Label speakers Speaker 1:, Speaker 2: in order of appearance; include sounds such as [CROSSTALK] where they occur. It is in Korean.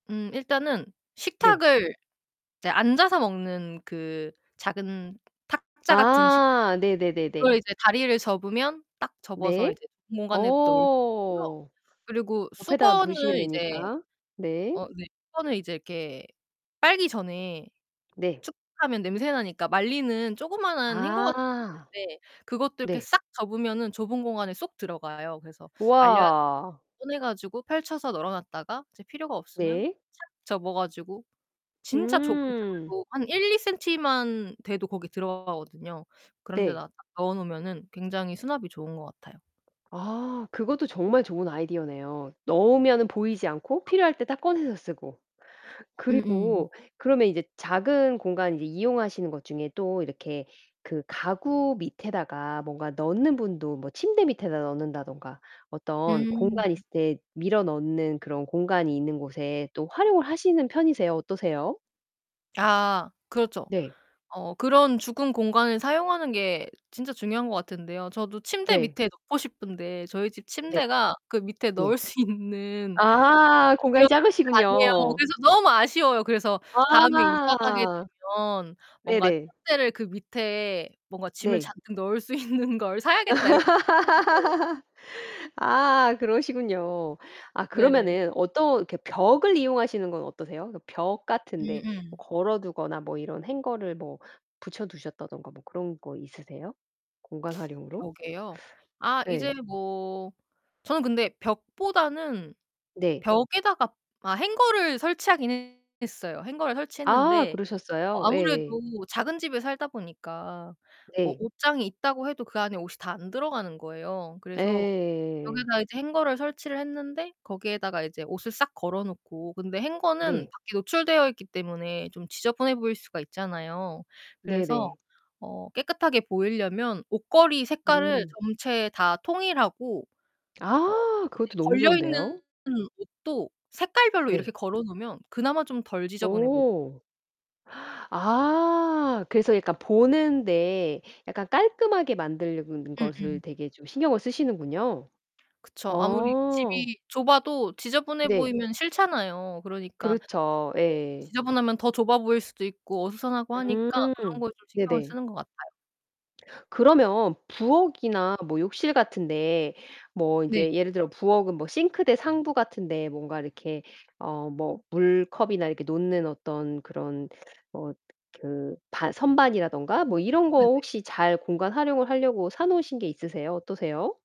Speaker 1: 음 일단은
Speaker 2: 네.
Speaker 1: 식탁을 이제 앉아서 먹는 그 작은 탁자 같은 식 [UNINTELLIGIBLE]
Speaker 2: 아
Speaker 1: 그걸
Speaker 2: 네네네네.
Speaker 1: 이제 다리를 접으면 딱 접어서
Speaker 2: 네.
Speaker 1: 이제 빈 공간에 넣을 수 있고요.
Speaker 2: 어.
Speaker 1: 그리고
Speaker 2: 옆에다 두시면
Speaker 1: 수건을 이제
Speaker 2: 되니까. 네.
Speaker 1: 어 네 수건을 이제 이렇게 빨기 전에
Speaker 2: 네.
Speaker 1: 축축하면 냄새나니까 말리는 조그마한 행거 같은 게
Speaker 2: 아.
Speaker 1: 있는데 그것도 이렇게
Speaker 2: 네.
Speaker 1: 싹 접으면은 좁은 공간에 쏙 들어가요. 그래서 말려야 [UNINTELLIGIBLE]
Speaker 2: 와.
Speaker 1: 꺼내 가지고 펼쳐서 널어 놨다가 이제 필요가 없으면
Speaker 2: 네.
Speaker 1: 착 접어 가지고 진짜 좁은
Speaker 2: 음.
Speaker 1: 틈에도 한 1-2 센티만 돼도 거기 들어가거든요. 그런
Speaker 2: 네.
Speaker 1: 데다가 딱 넣어 놓으면은 굉장히 수납이 좋은 것 같아요.
Speaker 2: 아 그것도 정말 좋은 아이디어네요. 넣으면은 보이지 않고 필요할 때 딱 꺼내서 쓰고.
Speaker 1: 음음.
Speaker 2: 그리고 그러면 이제 작은 공간 이제 이용하시는 것 중에 또 이렇게 그 가구 밑에다가 뭔가 넣는 분도 뭐 침대 밑에다 넣는다든가 어떤
Speaker 1: 음.
Speaker 2: 공간이 있을 때 밀어 넣는 그런 공간이 있는 곳에 또 활용을 하시는 편이세요? 어떠세요?
Speaker 1: 아. 그렇죠.
Speaker 2: 네.
Speaker 1: 어 그런 죽은 공간을 사용하는 게 진짜 중요한 것 같은데요 저도 침대
Speaker 2: 네.
Speaker 1: 밑에 넣고 싶은데 저희 집
Speaker 2: 네.
Speaker 1: 침대가 그 밑에
Speaker 2: 네.
Speaker 1: 넣을 수 있는
Speaker 2: 아
Speaker 1: 그런
Speaker 2: 공간이
Speaker 1: 침대가 아니에요.
Speaker 2: 작으시군요.
Speaker 1: 그래서 너무 아쉬워요. 그래서 다음에 이사가게
Speaker 2: 아
Speaker 1: 되면 뭔가
Speaker 2: 네네.
Speaker 1: '침대를 그 밑에 뭔가 짐을
Speaker 2: 네.
Speaker 1: 잔뜩 넣을 수 있는 걸 사야겠다.' 이렇게 [UNINTELLIGIBLE]
Speaker 2: [LAUGHS] 아 그러시군요. 아
Speaker 1: 네.
Speaker 2: 그러면은 어떤 이렇게 벽을 이용하시는 건 어떠세요? 그래서 벽 같은 데 뭐
Speaker 1: 음음.
Speaker 2: 걸어 두거나 뭐 이런 행거를 뭐 붙여 두셨다든가 뭐 그런 거 있으세요 공간 활용으로?
Speaker 1: 벽에요. 아 이제
Speaker 2: 네.
Speaker 1: 뭐 저는 근데 벽보다는
Speaker 2: 네.
Speaker 1: 벽에다가 아 행거를 설치하기는 했어요. 행거를
Speaker 2: 아
Speaker 1: 설치했는데 어
Speaker 2: 그러셨어요?
Speaker 1: 아무래도
Speaker 2: 예예.
Speaker 1: 작은 집에 살다 보니까 뭐
Speaker 2: 네.
Speaker 1: 옷장이 있다고 해도 그 안에 옷이 다 안 들어가는 거예요. 그래서
Speaker 2: 예예예예예.
Speaker 1: 벽에다 이제 행거를 설치를 했는데 거기에다가 이제 옷을 싹 걸어 놓고 근데 행거는
Speaker 2: 네.
Speaker 1: 밖에 노출되어 있기 때문에 좀 지저분해 보일 수가 있잖아요. 그래서
Speaker 2: 네네.
Speaker 1: 어 깨끗하게 보이려면 옷걸이 색깔을
Speaker 2: 음.
Speaker 1: 전체 다 통일하고 어
Speaker 2: 아
Speaker 1: 이제
Speaker 2: 그것도 너무
Speaker 1: 걸려 있는
Speaker 2: 좋은데요.
Speaker 1: 옷도 색깔별로
Speaker 2: 네.
Speaker 1: 이렇게 걸어 놓으면 그나마 좀 덜 지저분해 보
Speaker 2: 오. 아. 그래서 약간 보는데 약간 깔끔하게 만드는 것을
Speaker 1: 음음.
Speaker 2: 되게 좀 신경을 쓰시는군요.
Speaker 1: 그쵸. 아무리
Speaker 2: 어.
Speaker 1: 집이 좁아도 지저분해
Speaker 2: 네.
Speaker 1: 보이면 싫잖아요. 그러니까
Speaker 2: 그렇죠.
Speaker 1: 집도
Speaker 2: 예.
Speaker 1: 지저분하면 더 좁아 보일 수도 있고 어수선하고 하니까 그런
Speaker 2: 음
Speaker 1: 걸 좀 신경을
Speaker 2: 네네.
Speaker 1: 쓰는 것 같아요.
Speaker 2: 그러면 부엌이나 뭐 욕실 같은 데 뭐
Speaker 1: 네.
Speaker 2: 인제 예를 들어 부엌은 뭐 싱크대 상부 같은 데 뭔가 이렇게 어 뭐 물컵이나 이렇게 놓는 어떤 그런 어 그 반 선반이라든가 뭐 이런 거
Speaker 1: 네네.
Speaker 2: 혹시 잘 공간 활용을 하려고 사 놓으신 게 있으세요? 어떠세요?